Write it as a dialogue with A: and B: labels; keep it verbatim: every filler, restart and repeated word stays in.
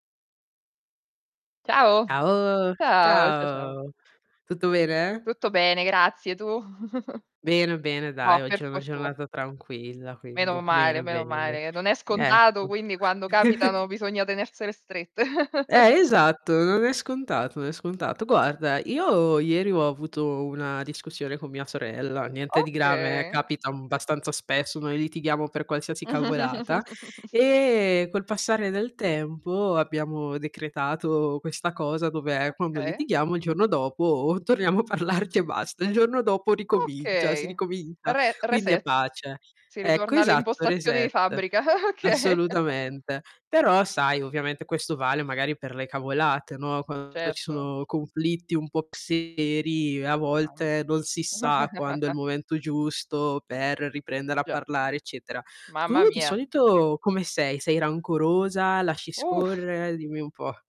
A: Ciao.
B: ao
A: Ciao, cia ciao.
B: ciao. Tutto bene?
A: Tutto bene, grazie, tu?
B: Bene, bene
A: Oh,
B: dai, oggi
A: per
B: è una
A: fortun
B: giornata tranquilla, quindi
A: Meno male,
B: bene,
A: meno
B: bene.
A: male. Non è scontato,
B: Ecco.
A: quindi quando capitano bisogna tenersele strette.
B: Eh, esatto, non è scontato, non è scontato. Guarda, io ieri ho avuto una discussione con mia sorella, niente di grave, eh,
A: Okay.
B: capita, mhmm, abbastanza spesso, noi litighiamo per qualsiasi cavolata. Ehm, col passare del tempo, abbiamo decretato questa cosa, dove quando
A: occhè.
B: litighiamo il giorno dopo torniamo a parlarci e basta. Il giorno dopo ricomincia si
A: Okay.
B: ricomincia,
A: Re
B: quindi è
A: reset.
B: pace.
A: Si
B: Ecco,
A: ritorna alle
B: esatto,
A: impostazioni di
B: reset.
A: fabbrica, okay.
B: Assolutamente. Però sai, ovviamente questo vale magari per le cavolate, no, quando ci
A: Certo.
B: sono conflitti un po' un po' più seri a
A: Mam
B: volte non si sa quando è il momento giusto per riprendere a
A: Già.
B: parlare, eccetera.
A: Mamma
B: Tu di
A: mia.
B: solito come sei? Sei rancorosa? Lasci
A: Uff.
B: scorrere? Dimmi un po'.